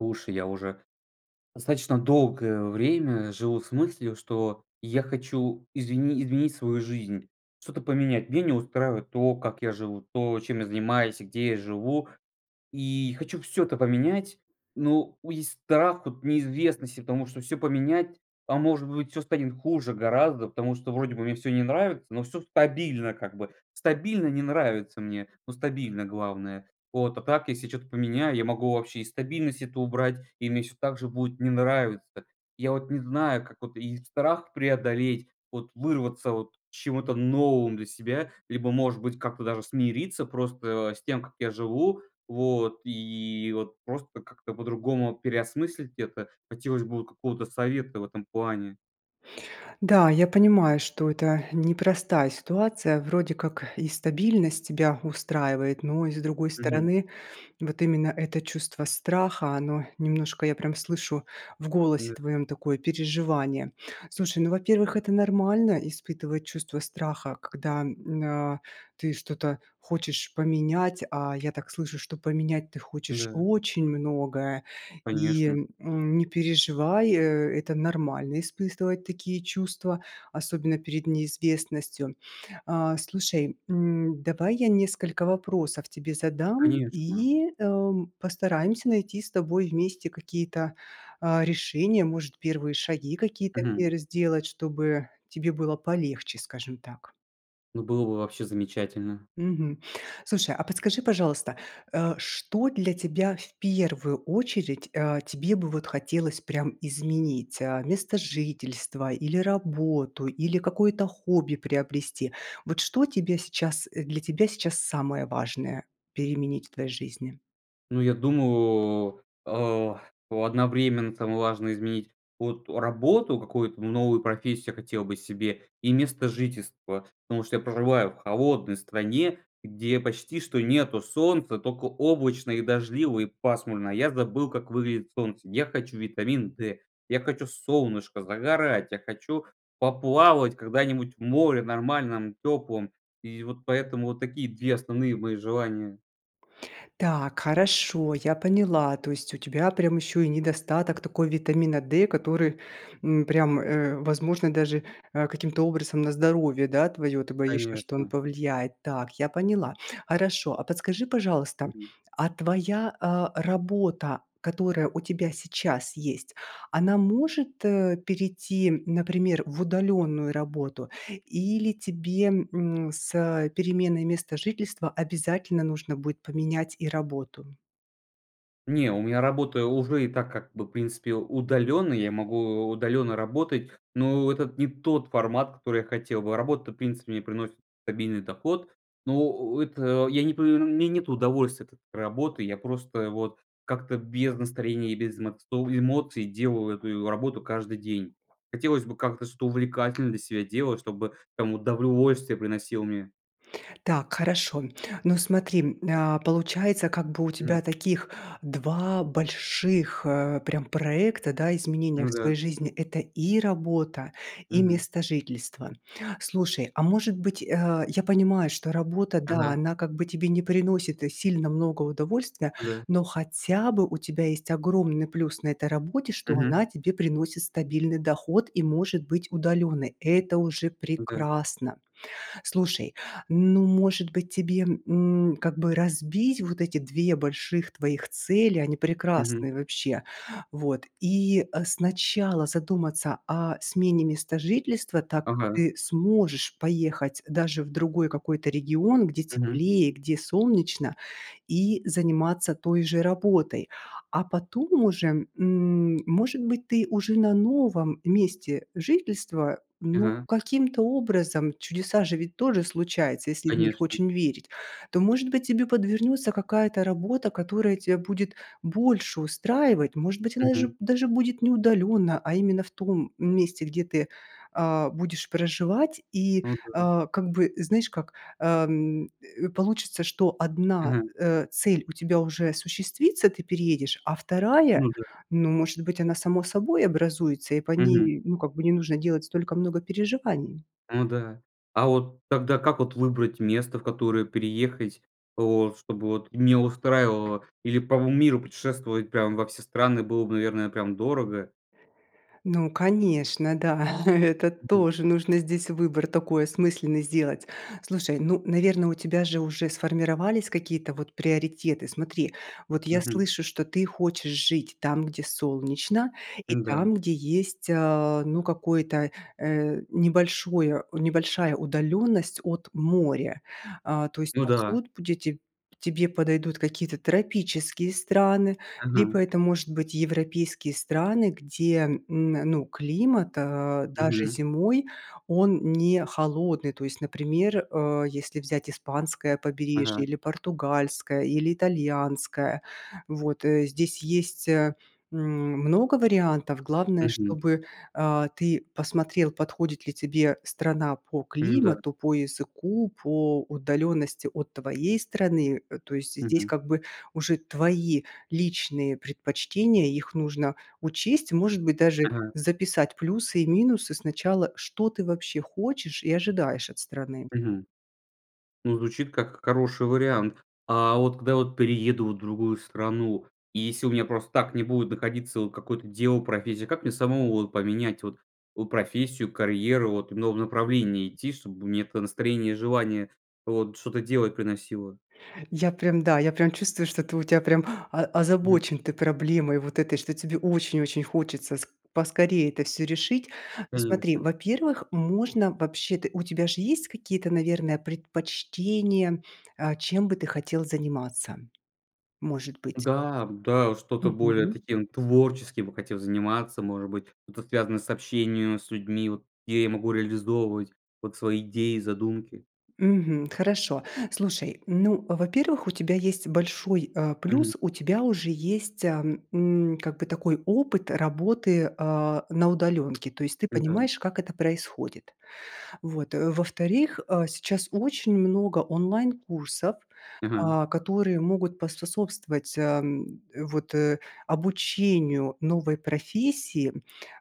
Слушай, я уже достаточно долгое время живу с мыслью, что я хочу извини изменить свою жизнь, что-то поменять. Меня не устраивает то, как я живу, то, чем я занимаюсь и где я живу. И хочу всё это поменять. Но у есть страх от неизвестности, потому что всё поменять А, может быть, всё станет хуже гораздо, потому что вроде бы мне всё не нравится, но всё стабильно как бы. Стабильно не нравится мне, но стабильно, главное, вот. А так, если я чё-то поменяю, я могу вообще и стабильность эту убрать, и мне всё так же будет не нравиться. Я вот не знаю, как вот и страх преодолеть, вот вырваться вот к чему-то новым для себя, либо может быть как-то даже смириться просто с тем, как я живу, вот, и вот просто как-то по-другому переосмыслить это. Хотелось бы вот какого-то совета в этом плане. Да, я понимаю, что это непростая ситуация. Вроде как и стабильность тебя устраивает, но и, с другой Мгм. стороны, вот именно это чувство страха, оно немножко, я прям слышу в голосе [unintelligible] твоем, такое переживание. Слушай, ну, во-первых, это нормально- испытывать чувство страха, когда н а, ты что-то хочешь поменять, а я так слышу, что поменять ты хочешь Да. очень многое, и, Конечно. м, не переживай, это нормально испытывать такие чувства, особенно перед неизвестностью. Э, слушай, м, давай я несколько вопросов тебе задам Конечно. и, эм, постараемся найти с тобой вместе какие-то, э, решения. Может, первые шаги какие-то Мгм. пер сделать, чтобы тебе было полегче, скажем так. Ну, было бы вообще замечательно. Мгм. Слушай, а подскажи, пожалуйста, э, что для тебя в первую очередь, э, тебе бы вот хотелось прям изменить? Э, место жительства или работу, или какое-то хобби приобрести? Вот что тебе сейчас для тебя сейчас самое важное, переменить в твоей жизни? Ну, я думаю, э, одновременно там важно изменить вот работу, какую-то новую профессию хотел бы себе, и место жительства. Потому что я проживаю в холодной стране, где почти что нету солнца, только облачно и дождливо и пасмурно. Я забыл, как выглядит солнце. Я хочу витамин Д, я хочу солнышко, загорать, я хочу поплавать когда-нибудь в море, нормальном, теплом. И вот поэтому, вот такие 2 основные мои желания. Так, хорошо, я поняла. То есть у тебя прям ещё и недостаток такой витамина D, который, м, прям, э, возможно даже, а, каким-то образом на здоровье, да, твоё. Ты боишься, что он Конечно. повлияет. Так, я поняла. Хорошо, а подскажи пожалуйста, Мгм. а твоя, э, работа, которая у тебя сейчас есть, она может, э, перейти, например, в удаленную работу или тебе, м, с переменой места жительства обязательно нужно будет поменять и работу? Не, у меня работа уже и так как бы, в принципе, удалённая. Я могу у удалённо работать, но это не тот формат, который я хотел бы. Работа, в принципе, мне приносит стабильный доход, но, о о это, я не па эр мне нету удовольствия от этой работы. Я просто вот как-то без настроения и без мац слово эмоций делал эту и работу каждый день. Хотелось бы как-то что-то увлекательно для себя делать, чтобы там удовольствие приносило мне. Так, хорошо. Ну смотри, а, получается как бы у М. тебя таких 2 больших, э, прям проекта, да, изменения Ну в да. своей жизни- это и работа, и Мгм. местожительство. Слушай, а может быть, э я понимаю, что работа да Ага. она как бы тебе не приносит, э, сильно много удовольствия, Да. но хотя бы у тебя есть огромный плюс на этой работе, что она Мгм. тебе приносит стабильный доход и может быть удалённой. Это уже Да. прекрасно! Слушай, ну может быть тебе, м, как бы разбить вот эти 2 больших твоих цели? Они Мгм. прекрасные, вообще! Вот. И, э, сначала задуматься о смене места жительства, так как Ага. ты сможешь поехать даже в другой какой-то регион, где Мгм. теплее, где солнечно, и заниматься той же работой. А потом уже, м, может быть ты уже на новом месте жительства, ну, Ага. каким-то образом, чудеса же ведь тоже случаются, если в них Конечно. очень верить, то может быть тебе подвернётся какая-то работа, которая тебя будет больше устраивать. Может быть она же Мгм. даже будет не удалённо, а именно в том месте, где ты, а, будешь проживать, и, Ну да. а, как бы знаешь как, э, м, э, получится, что 1, Мгм. э, цель у тебя уже осуществится- ты переедешь, а 2 Ну да. ну может быть, она само собой образуется, и по Мгм. ней ну как бы не нужно делать столько много переживаний. Ну да. А вот тогда как вот выбрать место, в которое переехать вот чтобы вот мне устраивало? Или по м миру путешествовать прям во все страны было бы, наверное, прям дорого. Ну конечно, да. Это Мгм. тоже нужно здесь выбор такой осмысленный сделать. Слушай, ну наверно, у тебя же уже сформировались какие-то вот приоритеты. Смотри, вот я Мгм. слышу, что ты хочешь жить там, где солнечно, и Ну да. там, где есть, э, ну какой-то, э, небольшое небольшая удалённость от моря. А, то есть Ну да. пасут будете тебе подойдут какие-то тропические страны, Ага. либо это может быть европейские страны, где, м, ну, климат, э, даже Мгм. зимой, он не холодный. То есть например, э, если взять испанское побережье, Ага. или португальское, или итальянское. Вот, э. Здесь есть, э, м, много вариантов. Главное, Мгм. чтобы, э, ты посмотрел подходит ли тебе страна по Ну да. климату, по языку, по удалённости от твоей страны. Э, то есть здесь Мгм. как бы уже твои личные предпочтения, их нужно учесть. Может быть даже Ага. записать плюсы и минусы сначала, что ты вообще хочешь и ожидаешь от страны. Мгм. Ну, звучит как хороший вариант. А, вот, когда вот перееду вот в другую страну, если у меня просто так не будет находиться вот какое-то дело, профессия, как мне самому вот поменять вот у профессию, карьеру, вот в новом направлении идти, чтобы мне это настроение и желание вот что-то делать приносило? Я прям, да, я прям чувствую, что ты у тя прям о Мгм. озабочен ты проблемой вот этой, что тебе очень очень хочется с поскорее это всё решить. Ну смотри, Конечно. во-первых можно вообще-то у тебя же есть какие-то, наверное предпочтения, э, чем бы ты хотел заниматься? Может быть. Да, да. Что-то более Мгм. таким творческим я бы хотел заниматься, может быть, это связано с общением с людьми, вот где я могу реализовывать вот свои идеи, задумки. Мгм. Хорошо. Слушай, ну, во-первых у тебя есть большой, э, Мгм. плюс- у тебя уже есть, а, м, как бы такой опыт работы, э, на удалёнке. То есть ты М-да. понимаешь, как это происходит. Вот, э. Во-вторых, а, сейчас очень много онлайн курсов, Ага. а, которые могут поспособствовать, а, м, вот, э, обучению новой профессии.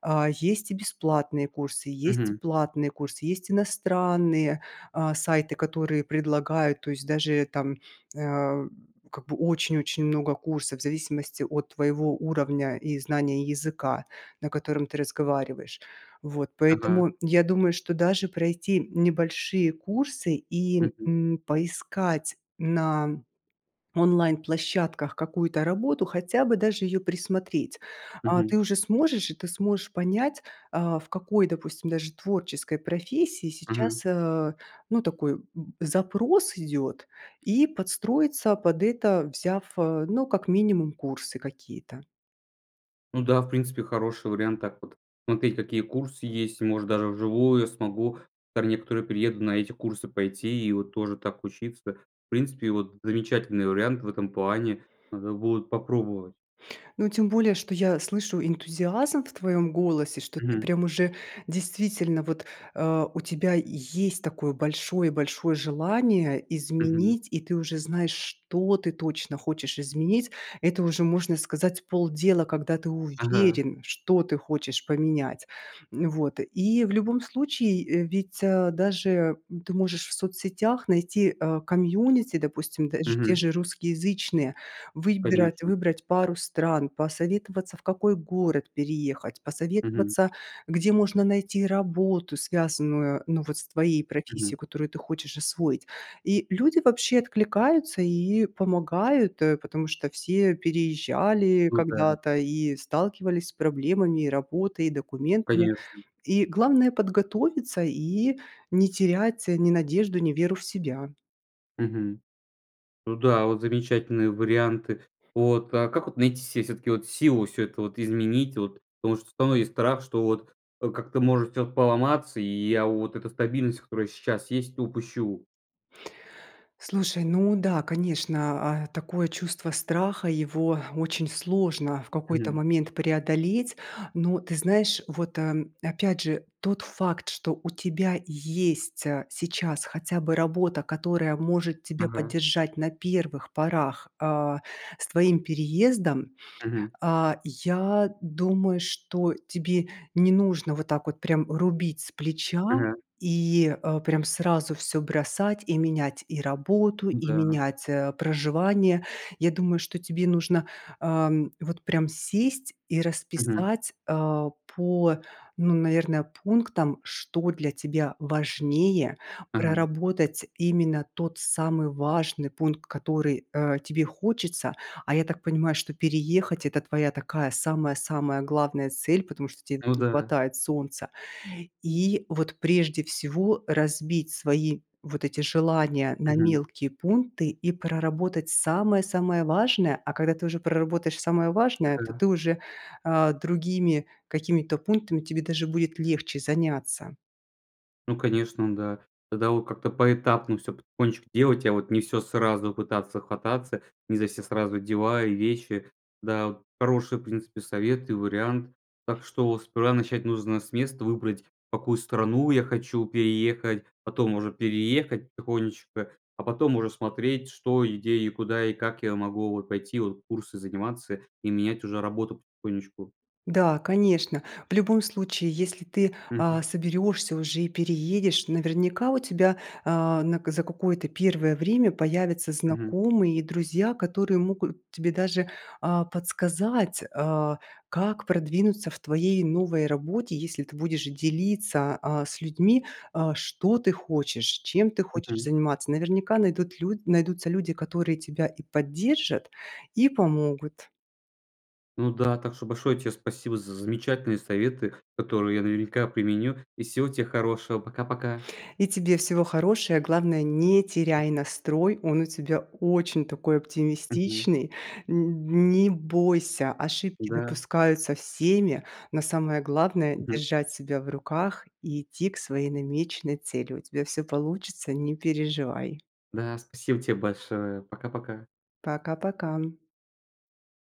А, есть и бесплатные курсы, есть Мгм. платные курсы, есть иностранные, а, сайты, которые предлагают, то есть даже там, э, м, как бы очень-очень много курсов, в зависимости от твоего уровня и знания языка, на котором ты разговариваешь. Вот. Ага. Поэтому я думаю, что даже пройти небольшие курсы и, Мгм. м, поискать на онлайн площадках какую-то работу, хотя бы даже её присмотреть. А, ты Мгм. уже сможешь и ты сможешь понять, а, в какой, допустим даже, творческой профессии Ага. сейчас, э, ну такой, м, запрос идёт и подстроиться под это взяв, э, ну как минимум курсы какие-то. Ну да. В принципе, хороший вариант так вот. Смотреть, какие курсы есть, может даже вживую. Я смогу там некоторую приеду на эти курсы пойти и вот тоже так учиться. В принципе, вот замечательный вариант в этом плане. Надо будет попробовать. Ну тем более, что я слышу энтузиазм в твоём голосе. Что ты Мгм. прям уже действительно вот, э, у тебя есть такое большое-большое желание Мгм. изменить, и ты уже знаешь, что ты точно хочешь изменить. Это уже можно сказать полдела, когда ты Ага. уверен, что ты хочешь поменять. Вот и в любом случае, э, ведь, а, даже, м, ты можешь в соцсетях найти, э, комьюнити, допустим, даже те Мгм. же русскоязычные, выбирать Конечно. выбрать пару стран, посоветоваться в какой город переехать, Мгм. посоветоваться где можно найти работу, связанную ну вот с твоей Мгм. профессией, которую ты хочешь освоить. И люди вообще откликаются и помогают, э, потому что все переезжали Ну да. когда-то и сталкивались с проблемами и работой, и документами. Конечно. И главное- подготовиться и не терять, э, ни надежду, ни веру в себя. Мгм. Ну да, вот замечательные варианты. Вот. А как вот найти се всё-таки вот силу всё это вот изменить, вот? Потому что всё равно есть страх, что вот, э, как-то может всё поломаться и я вот эта стабильность, которая сейчас есть, упущу. Слушай, ну да, конечно. А, такое чувство страха, его очень сложно в какой-то Мгм. момент преодолеть. Но ты знаешь, вот, э, опять же тот факт, что у тебя есть, а, сейчас хотя бы работа, которая может тебе Ага. поддержать на первых порах, а, с твоим переездом. Мгм. А, я думаю, что тебе не нужно вот так вот прям рубить с плеча Мгм. и, э, прям сразу всё бросать и менять и работу, и Н-да. менять, э, проживание. Я думаю, что тебе нужно, ам, вот прям сесть и Мгм. расписать, а, по, ну, наверное, пунктам, что для тебя важнее Ага. проработать. Именно тот самый важный пункт, который, э, тебе хочется. А я так понимаю, что переехать- это твоя такая самая-самая главная цель, потому что тебе Ну не да. хватает солнца. И вот, прежде всего, разбить свои вот эти желания на Мгм. мелкие пункты и проработать самое-самое важное. А когда ты уже проработаешь самое важное, то [unintelligible] ты уже, э, другими какими-то пунктами тебе даже будет легче заняться. Ну конечно, да. Тогда от как-то поэтапно всё потихонечку делать. А вот не всё сразу пытаться хвататься, не за все сразу дела и вещи, да. Вот хорошие, в принципе, советы и вариант. Так что вот сперва начать нужно с места: выбрать, в какую страну я хочу переехать, потом уже переехать потихонечку. А потом уже смотреть: что, и где, и куда, и как я могу вот пойти. Вот курсы заниматься и менять уже работу потихонечку. Да, конечно. В любом случае, если ты, а, Мгм. соберешься уже и переедешь, наверняка у тебя, а, нак за какое-то первое время появятся Мгм. знакомые и друзья, которые могут тебе даже, а, подсказать, а, как продвинуться в твоей новой работе. Если ты будешь делиться, а, с людьми, а, что ты хочешь, чем ты хочешь Мгм. заниматься. Наверняка найдут лю найдутся люди, которые тебя и поддержат, и помогут. Ну да. Так что большое тебе спасибо за замечательные советы, которые я, наверняка, применю. И всего тебе хорошего. Пока-пока! И тебе всего хорошее! Главное- не теряй настрой! Он у тебя очень такой Мгм. оптимистичный. Н не бойся: ошибки Да. допускаются всеми, но самое главное- Мгм. держать себя в руках и идти к своей намеченной цели. У тебя всё получится, не переживай! Да, спасибо тебе большое! Пока-пока. Пока-пока.